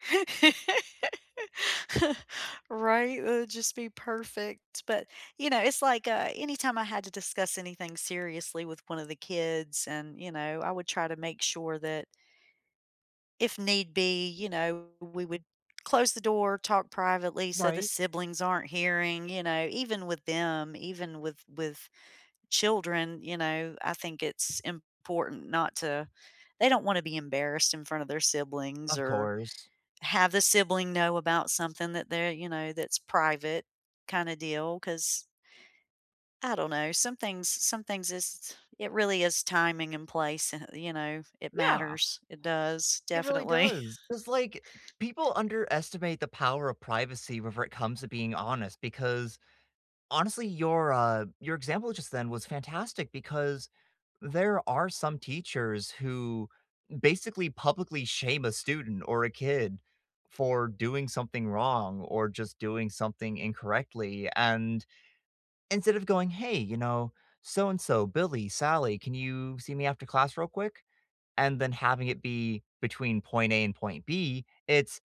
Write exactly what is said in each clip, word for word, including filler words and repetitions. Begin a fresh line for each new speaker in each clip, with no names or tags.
Right, it'd just be perfect, but, you know it's like, uh, anytime I had to discuss anything seriously with one of the kids, and, you know, I would try to make sure that if need be, you know, we would close the door, talk privately so the
Right.
siblings aren't hearing, you know, even with them, even with with children, you know, I think it's important not to they don't want to be embarrassed in front of their siblings
Of
or
course.
have the sibling know about something that they're, you know that's private kinda deal 'cause I don't know. Some things some things is it really is timing and place and you know, it
Yeah.
matters. It does,
It really
definitely.
does, 'cause, like, people underestimate the power of privacy whenever it comes to being honest because honestly, your, uh your example just then was fantastic because there are some teachers who basically publicly shame a student or a kid for doing something wrong or just doing something incorrectly and instead of going, "Hey, you know, so-and-so, Billy, Sally, can you see me after class real quick?" And then having it be between point A and point B, it's,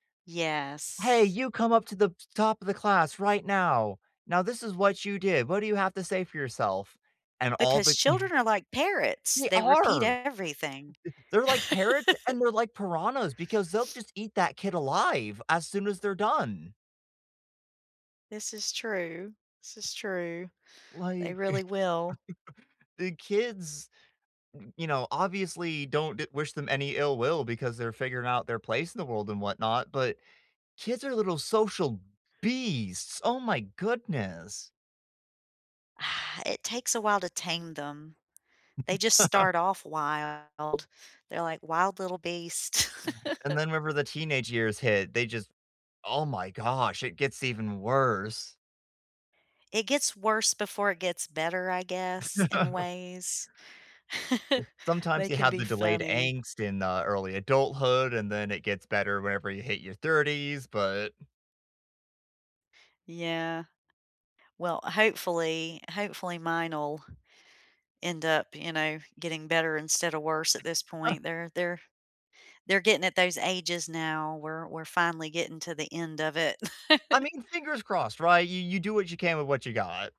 "Hey,
Yes.
you come up to the top of the class right now. Now, this is what you did. What do you have to say for yourself?" And all
Because
the
children are, like, parrots,
They
they repeat
are.
everything.
They're, like, parrots and they're like piranhas because they'll just eat that kid alive as soon as they're done.
This is true. This is true. They
Like,
really will.
the kids, you know, obviously don't d wish them any ill will because they're figuring out their place in the world and whatnot, but kids are little social beasts. Oh my goodness.
It takes a while to tame them. They just start off wild. They're, like, wild little beasts.
Right, and then whenever the teenage years hit, they just, oh, my gosh, it gets even worse.
It gets worse before it gets better, I guess, in ways. They
Sometimes you
can
have
be
the delayed
funny.
angst in, uh, early adulthood, and then it gets better whenever you hit your thirties, but
Yeah. Well, hopefully, hopefully mine'll end up, you know, getting better instead of worse at this point. They're they're they're getting at those ages now. We're we're finally getting to the end of it.
I mean, fingers crossed, right? You you do what you can with what you got.